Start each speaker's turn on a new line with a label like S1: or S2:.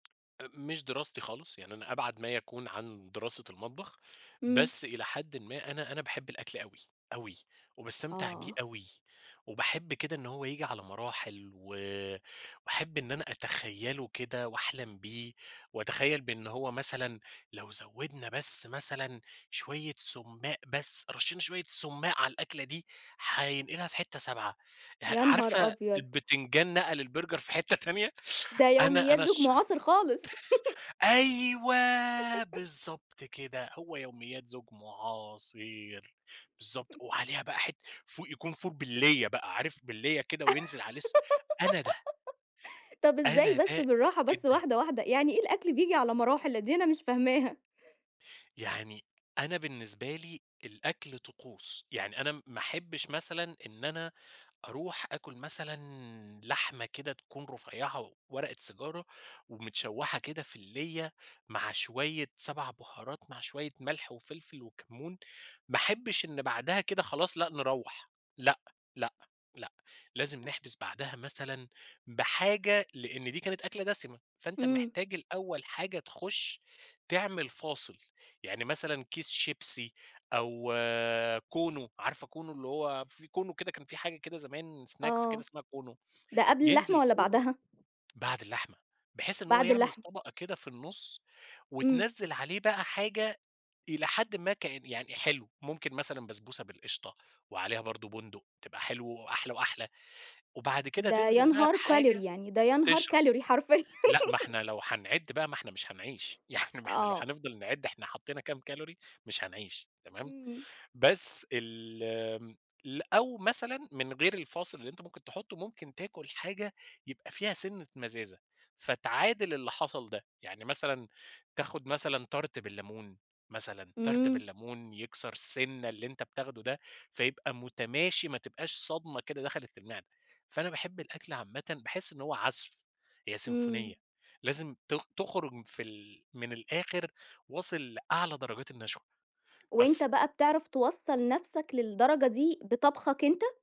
S1: آآ، مش دراستي خالص، يعني أنا أبعد ما يكون عن دراسة المطبخ،
S2: إمم.
S1: بس إلى حدٍّ ما أنا أنا باحِب الأكل أوي، أوي، وباستمتِع بيه
S2: آه.
S1: أوي، وباحِب كده إن هو ييجي على مراحل، وآآ، وأحِب إن أنا أتخيَّله كده وأحلَم بيه، وأتخيَّل بأن هو مثلًا لو زوَّدنا بس مثلًا شوية سُمَّاق بس، رشّينا شوية سُمَّاق على الأكلة دي، هينقِلها في حتّة سابعة، ه
S2: يا نهار
S1: عارفة
S2: أبيض!
S1: البتنجان نقَل البرجر في حتّة تانية؟
S2: ده
S1: أنا
S2: يوميات
S1: أنا
S2: زوج
S1: الشخ
S2: معاصر خالص.
S1: أيوه، بالضبط كده هو يوميات زوج معاصر، بالضبط، وعليها بقى حتّة فول يكون فول باللية بقى، عارف باللية كده وينزل عليه س أنا ده.
S2: طَب إزاي
S1: أنا
S2: بس،
S1: ده
S2: بالراحة بس
S1: جدًا.
S2: واحدة واحدة، يعني إيه الأكل بييجي على مراحل؟ دي أنا مش فاهماها.
S1: يعني أنا بالنسبة لي الأكل طقوس، يعني أنا ما أحبش مثلًا إن أنا أروح آكل مثلًا لحمة كده تكون رفيعة ورقة سيجارة، ومتشوِّحة كده في الليّة مع شوية 7 بهارات مع شوية ملح وفلفل وكمُّون، ما أحبش إن بعدها كده خلاص، لأ نروَّح، لأ، لأ، لأ، لازم
S2: آ
S1: نحبِس بعدها مثلًا بحاجة، لإن دي كانت أكلة دسِمة، فأنتَ
S2: إمم.
S1: محتاج الأول حاجة تخُش تعمل فاصِل، يعني مثلًا كيس شيبسي أو كونو، عارفة كونو؟ اللي هو في كونو كده، كان في حاجة كده زمان سناكس كده
S2: آه،
S1: اسمها كونو،
S2: ده قبل اللحمة
S1: ينزِل
S2: والّا
S1: كونو
S2: بعدها؟
S1: بعد اللحمة بحيث إن هو
S2: بعد
S1: يعمل
S2: اللحمة.
S1: طبقة كده في النُّص،
S2: إمم.
S1: وتنزِّل عليه بقى حاجة إلى حدٍّ ما كان يعني حلو، ممكن مثلًا بسبوسة بالقشطة وعليها برضه بُندُق، تبقى حلو وأحلى وأحلى. وبعد كده
S2: ده يا
S1: تنزِل بقى
S2: نهار
S1: بحاجة
S2: كالوري! يعني ده يا نهار
S1: تشرب.
S2: كالوري حرفيًا.
S1: لأ ما إحنا لو هنعِد بقى، ما إحنا مش هنعيش، يعني ما إحنا لو
S2: آه.
S1: هنفضَل نعِد إحنا حطِّينا كام كالوري مش هنعيش، تمام.
S2: إمم.
S1: بس ال آمم، ل أو مثلًا من غير الفاصِل اللي أنتَ ممكن تحُطُّه، ممكن تاكُل حاجة يبقى فيها سِنَّة مزازة، فتعادَل اللي حصَل ده. يعني مثلًا تاخُد مثلًا تارت بالليمون، مثلًا تارت
S2: إمم.
S1: بالليمون، يكسَر سِنَّة اللي أنتَ بتاخُده ده، فيبقى متماشي ما تبقاش صدمة كده دخَلِّت المعدة. فأنا باحِب الأكل عامةً، باحِس إن هو عزف هي
S2: إمم.
S1: سيمفونية، لازم ت تخرُج في ال من الآخِر واصِل لأعلى درجات النشوة،
S2: وأنت
S1: بس.
S2: بقى بتعرف توصّل نفسك للدرجة دي بطبخك أنت؟